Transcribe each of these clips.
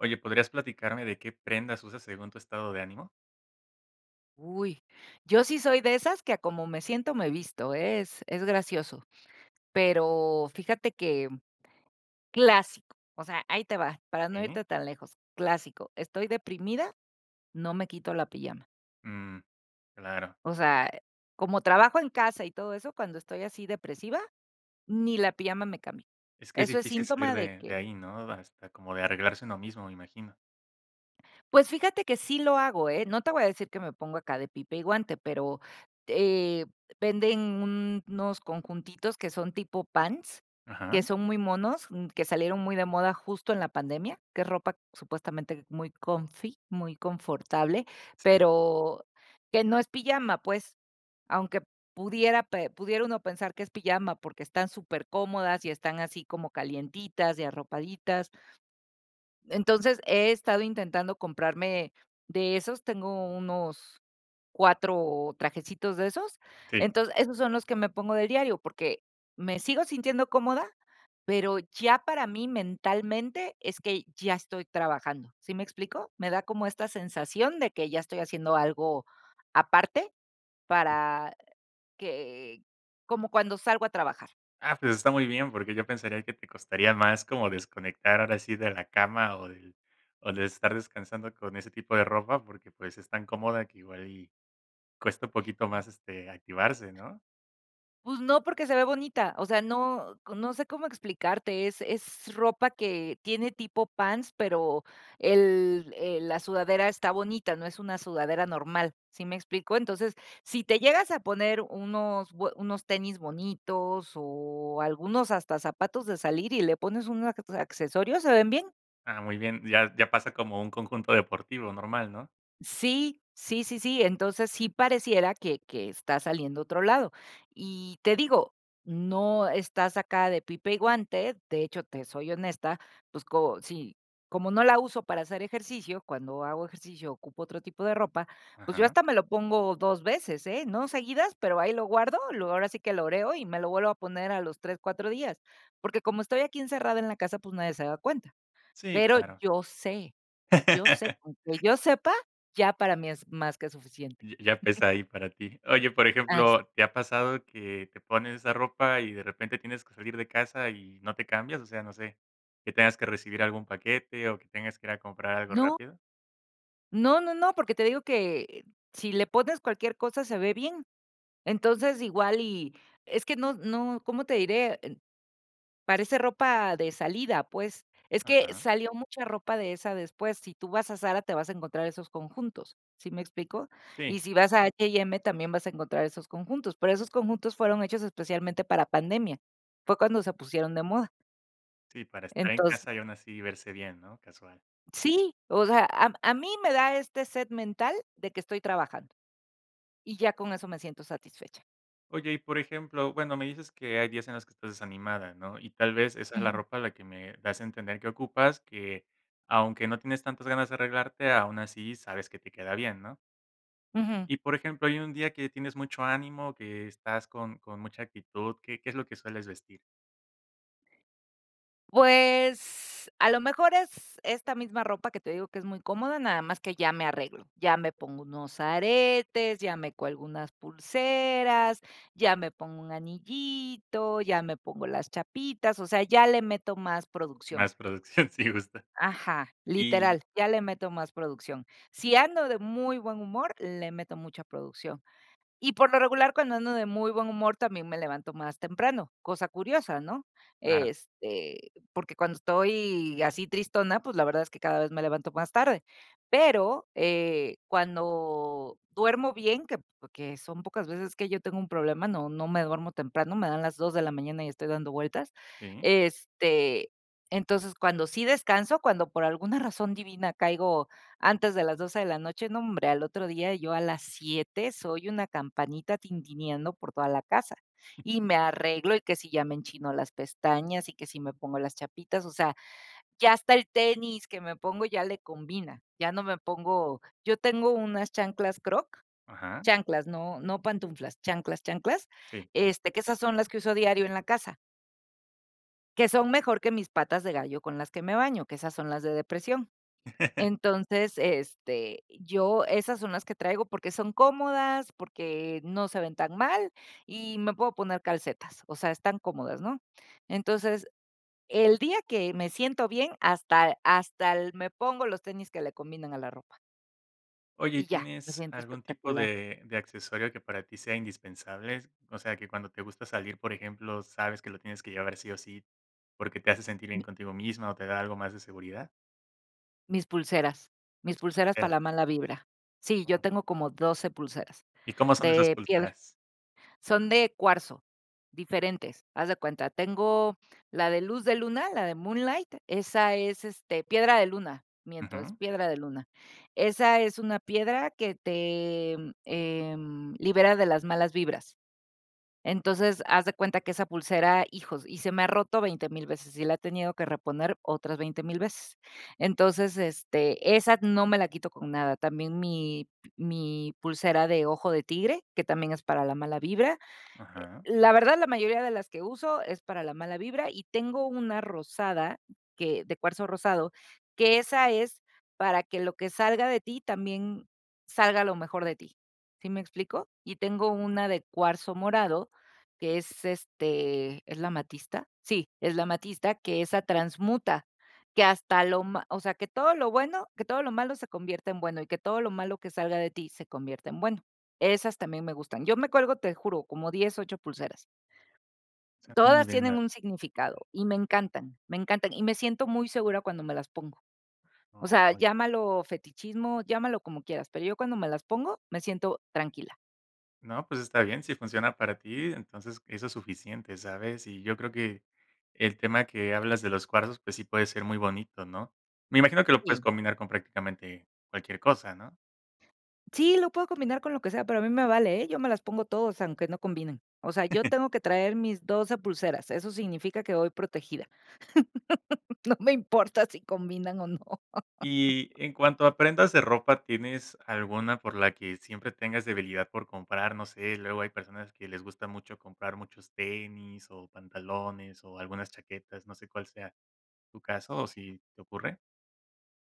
Oye, ¿podrías platicarme de qué prendas usas según tu estado de ánimo? ¡Uy! Yo sí soy de esas que a como me siento me visto, eh, es es gracioso. Pero, fíjate que clásico. O sea, ahí te va, para no Sí. irte tan lejos. Clásico, estoy deprimida, no me quito la pijama. Mm. Claro. O sea, como trabajo en casa y todo eso, cuando estoy así depresiva, ni la pijama me cambio. Es que es Eso es difícil salir síntoma de de que de ahí, ¿no?, hasta como de arreglarse uno mismo, me imagino. Pues fíjate, que sí lo hago, ¿eh? No te voy a decir que me pongo acá de pipa y guante, pero t eh, venden unos conjuntitos que son tipo pants, que Ajá. son muy monos, mm, que salieron muy de moda justo en la pandemia, que es ropa supuestamente muy comfy, muy confortable, Sí. pero, que no es pijama, pues, aunque pudiera pe pudiera uno pensar que es pijama porque están supercómodas, y están así como calientitas y arropaditas. Entonces, he estado intentando comprarme de esos, tengo unos 4 trajecitos de esos. Sí. Enton esos son los que me pongo de diario, porque me sigo sintiendo cómoda, pero ya para mí mentalmente es que ya estoy trabajando, ¿sí me explico?, me da como esta sensación de que ya estoy haciendo algo aparte, para que como cuando salgo a trabajar. Ah, pues está muy bien, porque yo pensaría que te costaría más como desconectar, ahora sí, de la cama, o del o de estar descansando con ese tipo de ropa porque, pues, es tan cómoda que igual y cuesta poquito más, este, activarse, ¿no? Pues, no porque se ve bonita, o sea, no c no sé cómo explicarte, es es ropa que tiene tipo pants, pero, el el la sudadera está bonita, no es una sudadera normal, ¿sí me explico? Entonces, si te llegas a poner unos bue unos tenis bonitos, o algunos hasta zapatos de salir y le pones un ac accesorios, se ven bien. Ah, muy bien, ya ya pasa como un conjunto deportivo normal, ¿no? Sí, sí, sí, sí, entonces sí pareciera que que estás saliendo a otro lado. Y te digo, no estás acá de pipa y guante, de hecho te soy honesta, pues, co si, como no la uso para hacer ejercicio, cuando hago ejercicio ocupo otro tipo de ropa, pues, yo Ajá. hasta me lo pongo 2 veces, ¿eh?, no seguidas, pero ahí lo guardo, lo ahora sí que lo oreo y me lo vuelvo a poner a los 3, 4 días, porque como estoy aquí encerrada en la casa, pues, nadie se da cuenta. Sí, Pero, claro. yo sé, yo sé, con que yo sepa, ya para mí es más que suficiente. Y ya pesa ahí para ti. Oye, por As ejemplo, ¿te ha pasado que te pones esa ropa, y de repente tienes que salir de casa y no te cambias, o sea, no sé, que tengas que recibir algún paquete, o que tengas que ir a comprar algo No. rápido? No, no, no porque te digo que si le pones cualquier cosa se ve bien. Entonces, igual y es que no no ¿cómo te diré?, en parece ropa de salida, pues. Es que Ajá. salió mucha ropa de esa después. Si tú vas a Zara te vas a encontrar esos conjuntos, ¿sí me explico?, Sí. y si vas a H&M también vas a encontrar esos conjuntos, pero esos conjuntos fueron hechos especialmente para pandemia. Fue cuando se pusieron de moda. Sí, para estar en Entonces casa y aún así verse bien, ¿no?, casual. Sí, o sea, a a mí me da este set mental de que estoy trabajando. Y ya con eso me siento satisfecha. Oye, y por ejemplo, bueno, me dices que hay días en los que estás desanimada, ¿no?, y tal vez, esa es la Ujú. ropa, la que me das a entender que ocupas que, aunque no tienes tantas ganas de arreglarte, aún así sabes que te queda bien, ¿no? Ujú. Y por ejemplo, hay un día que tienes mucho ánimo, que estás con con mucha actitud, ¿qué qué es lo que sueles vestir? Pues, a lo mejor es esta misma ropa que te digo que es muy cómoda, nada más que ya me arreglo, ya me pongo unos aretes, ya me cuelgo unas pulseras, ya me pongo un anillito, ya me pongo las chapitas, o sea, ya le meto más producción. Más producción, sí, justo. Ajá, Y literal, ya le meto más producción. Si ando de muy buen humor, le meto mucha producción y, por lo regular, cuando ando de muy buen humor, también me levanto más temprano, cosa curiosa, ¿no?, Claro. este, porque cuando estoy así tristona, pues, la verdad es que cada vez me levanto más tarde. Pero, eh, cuando duermo bien, que que son pocas veces que yo tengo un problema, no no me duermo temprano, me dan las 2 de la mañana y estoy dando vueltas, Sí. este, entonces cuando sí descanso, cuando por alguna razón divina caigo antes de las 12 de la noche, n'hombre, al otro día yo a las 7 soy una campanita tintineando por toda la casa, y me arreglo y que si ya me enchino las pestañas y que si me pongo las chapitas, o sea, ya hasta el tenis que me pongo ya le combina, ya no me pongo yo tengo unas chanclas Crocs, Ajá. chanclas, no, no pantuflas chanclas, chanclas, Sí. este, que esas son las que uso diario en la casa. Que son mejor que mis patas de gallo con las que me baño, que esas son las de depresión. Entonces, este, yo esas son las que traigo porque son cómodas, porque no se ven tan mal y me puedo poner calcetas, o sea, están cómodas, ¿no? Entonces, el día que me siento bien, hasta hasta el me pongo los tenis que le combinan a la ropa. Oye, ¿y Y ya, me tienes siento algún tipo espectacular. de de accesorio que para ti sea indispensable, o sea, que cuando te gusta salir, por ejemplo, sabes que lo tienes que llevar, sí, o sí, porque te hace sentir bien Sí. contigo misma,o te da algo más de seguridad? Mis pulseras, mis pulseras para Pulceras. la mala vibra. Sí, yo [unintelligible] tengo como 12 pulseras. ¿Y cómo son esas De piedra. pulseras? Son de cuarzo, diferentes. Haz de cuenta, tengo la de luz de luna, la de Moonlight, esa es, este, piedra de luna. Miento, es Ujú. piedra de Luna. Esa es una piedra que te em, libera de las malas vibras. Entonces, haz de cuenta, que esa pulsera, hijos y se me ha roto 20,000 veces, y la he tenido que reponer otras 20,000 veces. Entonces, este, esas no me la quito con nada. También mi mi pulsera de ojo de tigre, que también es para la mala vibra. Ajá. La verdad, la mayoría de las que uso es para la mala vibra. Y tengo una rosada que de cuarzo rosado, que esa es para que lo que salga de ti también salga lo mejor de ti, ¿sí me explico? Y tengo una de cuarzo morado que es, este, es la amatista. Sí, es la amatista, que esa transmuta, que hasta lo ma o sea, que todo lo bueno, que todo lo malo se convierte en bueno, y que todo lo malo que salga de ti se convierte en bueno. Esas también me gustan. Yo me cuelgo, te juro, como 10, 8 pulseras. Sáquenme Todas de ahí tienen un nata. significado, y me encantan, me encantan, y me siento muy segura cuando me las pongo. O sea, [unintelligible] llámalo fetichismo, llámalo como quieras, pero yo, cuando me las pongo, me siento tranquila. No, pues está bien. Si funciona para ti, entonces eso es suficiente, ¿sabes? Y yo creo que el tema que hablas de los cuarzos, pues sí puede ser muy bonito, ¿no? Me imagino que lo puedes Sí. combinar con prácticamente cualquier cosa, ¿no? Sí, lo puedo combinar con lo que sea. Pero a mí me vale, ¿eh? Yo me las pongo todos, aunque no combinen. O sea, yo tengo que traer mis 12 pulseras. Eso significa que voy protegida. No me importa si combinan o no. Y, en cuanto a prendas de ropa, ¿tienes alguna por la que siempre tengas debilidad por comprar? No sé, luego hay personas que les gusta mucho comprar muchos tenis o pantalones o algunas chaquetas, no sé cuál sea tu caso o si te ocurre.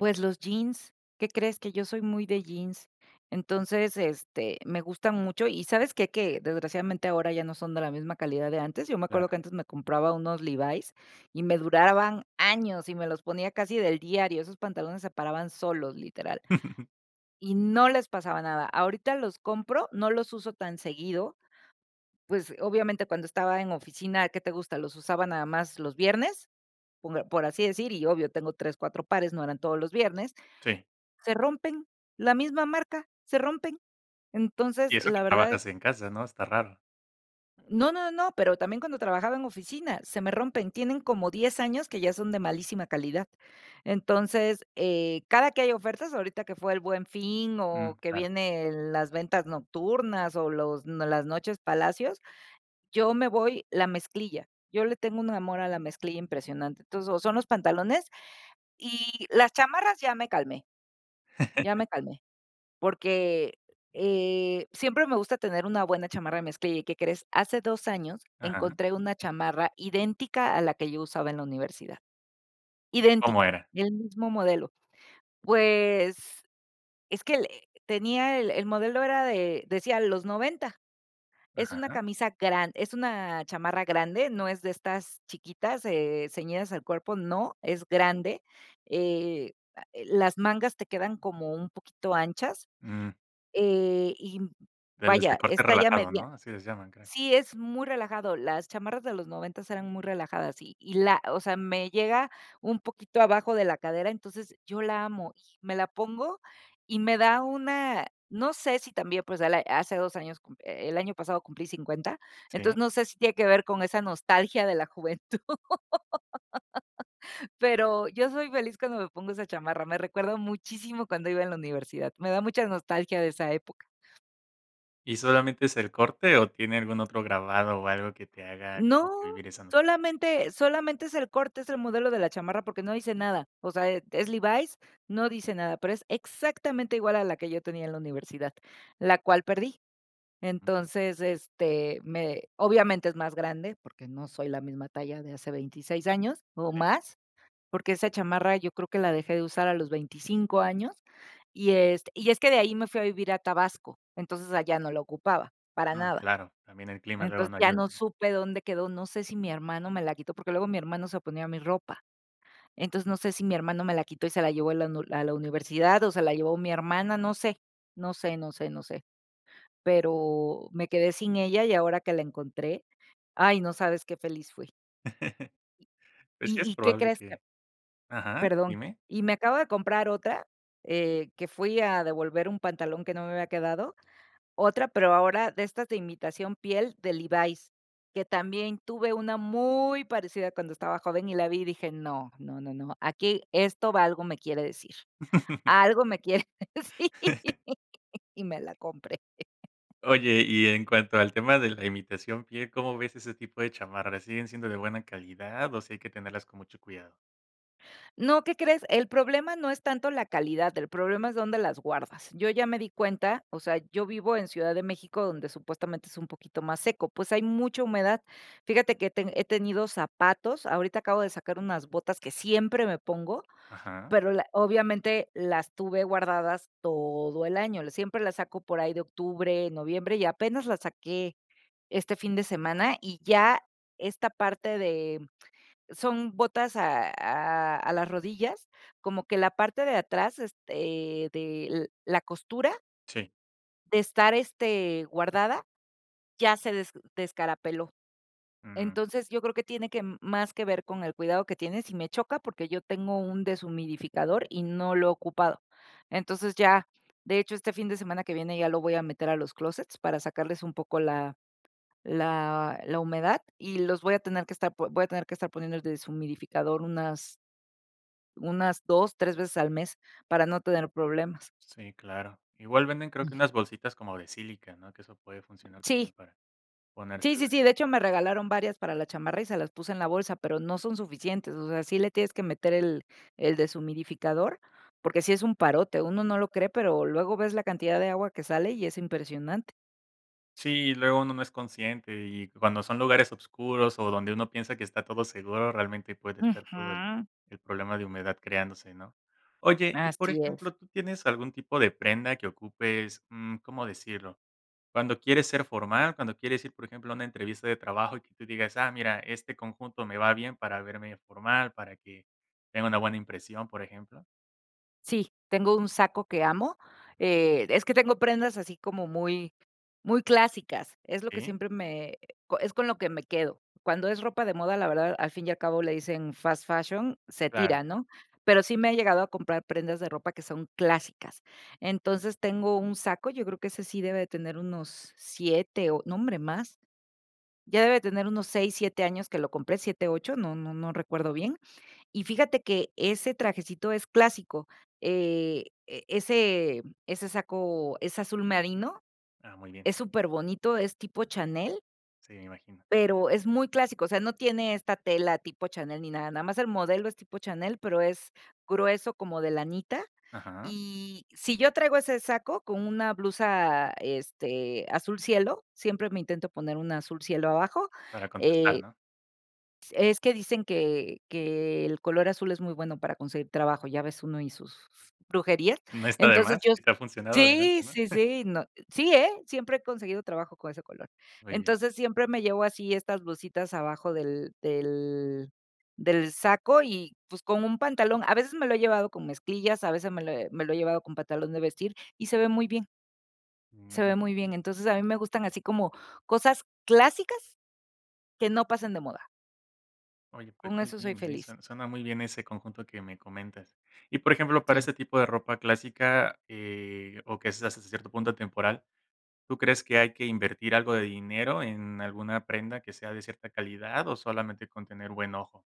Pues los jeans. ¿Qué crees? Que yo soy muy de jeans. Entonces, este, me gustan mucho. ¿Y sabes qué? Que desgraciadamente ahora ya no son de la misma calidad de antes. Yo me acuerdo Claro. que antes me compraba unos Levi's y me duraban años y me los ponía casi del diario. Esos pantalones se paraban solos, literal. Y no les pasaba nada. Ahorita los compro, no los uso tan seguido, pues obviamente cuando estaba en oficina, ¿qué te gusta? Los usaba nada más los viernes, por por así decir y obvio tengo 3, 4 pares, no eran todos los viernes, Sí. se rompen. La misma marca, se rompen. Y Entonces, eso que la verdad trabajas en casa, ¿no? Está raro. No, no, no, no. Pero también cuando trabajaba en oficina, se me rompen. Tienen como 10 años que ya son de malísima calidad. Entonces, eh, cada que hay ofertas, ahorita que fue El Buen Fin Mm. o que Claro. vienen las ventas nocturnas o los las Noches Palacio, yo me voy la mezclilla. Yo le tengo un amor a la mezclilla impresionante. Entonces, o son los pantalones, y las chamarras ya me calmé. Ya me calmé, porque, eh, siempre me gusta tener una buena chamarra de mezclilla. ¿Y qué crees? Hace 2 años Ajá. encontré una chamarra idéntica a la que yo usaba en la universidad. ¿Cómo Idéntica, era? el mismo modelo. Pues, es que le tenía el el modelo era de decía los noventa. Es una Ajá. camisa grande es una chamarra grande, no es de estas chiquitas, eh, ceñidas al cuerpo. No. Es grande, eh, las mangas te quedan como un poquito anchas, Mm. eh, y Del los de vaya, corte es talla relajado, media ¿no? Así les llaman, creo. sí, es muy relajado, las chamarras de los noventas eran muy relajadas y y la o sea, me llega un poquito abajo de la cadera entonces yo la amo y me la pongo y me da una, no sé si también pues la hace 2 años cump el año pasado cumplí 50. Sí. entonces no sé si tiene que ver con esa nostalgia de la juventud. Pero yo soy feliz cuando me pongo esa chamarra, me recuerdo muchísimo cuando iba en la universidad, me da mucha nostalgia de esa época. ¿Y solamente es el corte o tiene algún otro grabado o algo que te haga No, como que vivir esa época? solamente solamente es el corte, es el modelo de la chamarra porque no dice nada. O sea, es Levi's. No dice nada, pero es exactamente igual a la que yo tenía en la universidad, la cual perdí. Mm. Entonces, este, me obviamente es más grande porque no soy la misma talla de hace 26 años, o Sí. más. Porque esa chamarra yo creo que la dejé de usar a los 25 años, y este y es que de ahí me fui a vivir a Tabasco. Entonces allá no la ocupaba, para No, nada. claro. También el clima luego Entonces, no ya ayuda. no supe dónde quedó, no sé si mi hermano me la quitó, porque luego mi hermano se ponía mi ropa. Entonces no sé si mi hermano me la quitó y se la llevó a la uni a la universidad o se la llevó mi hermana, no sé. No sé, no sé, no sé. Pero me quedé sin ella y ahora que la encontré, ay, no sabes qué feliz fui. Pues Y es y qué probable crees, ca que ajá. Perdón, Dime. y me acabo de comprar otra, eh, que fui a devolver un pantalón que no me había quedado. Otra, pero ahora de estas de imitación piel de Levi's, que también tuve una muy parecida cuando estaba joven y la vi, dije no, no, no, no. Aquí esto va algo me quiere decir. Algo me quiere decir. Y me la compré. Oye, y en cuanto al tema de la imitación piel, ¿cómo ves ese tipo de chamarras? ¿Siguen siendo de buena calidad o si hay que tenerlas con mucho cuidado? No, ¿qué crees? el problema no es tanto la calidad, el problema es donde las guardas. Yo ya me di cuenta, o sea, yo vivo en Ciudad de México, donde supuestamente es un poquito más seco, pues hay mucha humedad. Fíjate que he te he tenido zapatos, ahorita acabo de sacar unas botas que siempre me pongo, Ajá. pero la obviamente las tuve guardadas todo el año, siempre las saco por ahí de octubre, noviembre, y apenas las saqué, este fin de semana, y ya esta parte de son botas a a a las rodillas, como que la parte de atrás, este, de la costura, Sí. de estar, este, guardada. Ya se des descarapeló. Ujú. Entonces, yo creo que tiene que, mm, más que ver con el cuidado que tienes y me choca, porque yo tengo un deshumidificador y no lo he ocupado. Entonces ya, de hecho este fin de semana que viene ya lo voy a meter a los closets para sacarles un poco la la la humedad y los voy a tener que estar voy a tener que estar poniendo el deshumidificador unas Unas 2, 3 veces al mes para no tener problemas. Sí, claro. Igual venden creo Mm. que unas bolsitas como de sílica, ¿no? Que eso puede funcionar Sí. también para Sí, sí, ponérselas. sí, de hecho me regalaron varias para la chamarra y se las puse en la bolsa, pero no son suficientes, o sea, sí le tienes que meter el el deshumidificador, porque sí es un parote, uno no lo cree, pero luego ves la cantidad de agua que sale y es impresionante. Sí, luego uno no es consciente y que cuando son lugares oscuros o donde uno piensa que está todo seguro, realmente puede estar todo el Ujú. el problema de humedad creándose, ¿no?, oye, y por Así es. ejemplo, ¿tú tienes algún tipo de prenda que ocupes, mm, ¿cómo decirlo?, cuando quieres ser formal, cuando quieres ir, por ejemplo, a una entrevista de trabajo y que tú digas: "Ah, mira, este conjunto me va bien para verme formal, para que tenga una buena impresión", por ejemplo. Sí, tengo un saco que amo. Eh, es que tengo prendas así como muy, muy clásicas. Es lo que Sí. siempre me es con lo que me quedo. Cuando es ropa de moda, la verdad, al fin y al cabo, le dicen fast fashion, se Claro. tira, ¿no?, pero sí, me he llegado a comprar prendas de ropa que son clásicas. Entonces, tengo un saco, yo creo que ese sí debe de tener unos 7 o, no hombre, más. Ya debe de tener unos 6, 7 años que lo compré, 7, 8, no no no recuerdo bien. Y fíjate que ese trajecito es clásico, eh, ese ese saco es azul marino, Ah, muy bien. es superbonito, es tipo Chanel. Sí, me imagino. Pero es muy clásico, o sea, no tiene esta tela tipo Chanel, ni nada, nada más el modelo es tipo Chanel, pero es grueso como de lanita. Ajá. Y si yo traigo ese saco con una blusa, este, azul cielo, siempre me intento poner un azul cielo abajo, Para contrastar, eh, ¿no? es que dicen que que el color azul es muy bueno para conseguir trabajo, ya ves uno y sus brujerías. No está de Entonces, más, yo si te ha funcionado adelante, sí, ¿no? sí, sí, no sí, eh, siempre he conseguido trabajo con ese color. Muy bien. Entonces, siempre me llevo así estas blusitas abajo del del del saco y, pues, con un pantalón. A veces me lo he llevado con mezclillas, a veces me lo he me lo he llevado con pantalón de vestir y se ve muy bien. Se Mm. ve muy bien. Entonces a mí me gustan así como cosas clásicas, que no pasen de moda. Oye, pues Con muy eso soy bien, eh, feliz. su suena muy bien ese conjunto que me comentas. Y, por ejemplo, para Sí. ese tipo de ropa clásica, eh, o que es hasta cierto punto temporal, ¿tú crees que hay que invertir algo de dinero en alguna prenda que sea de cierta calidad, o solamente con tener buen ojo?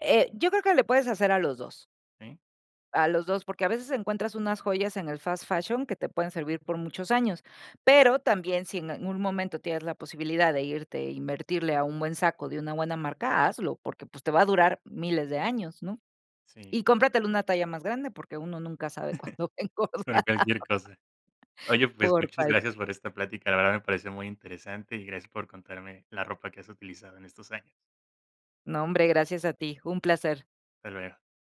Eh, yo creo que le puedes hacer a los 2. Sí. A los 2, porque a veces encuentras unas joyas en el fast fashion que te pueden servir por muchos años. Pero, también si en algún momento tienes la posibilidad de irte e invertirle a un buen saco de una buena marca, hazlo, porque pues te va a durar miles de años, ¿no?, Sí, y totalmente. cómpratelo una talla más grande porque uno nunca sabe cuándo engordar. Por cualquier cosa. Oye, pues Por muchas cual gracias por esta plática, la verdad me pareció muy interesante y gracias por contarme la ropa que has utilizado en estos años. No hombre, gracias a ti. Un placer. Hasta luego.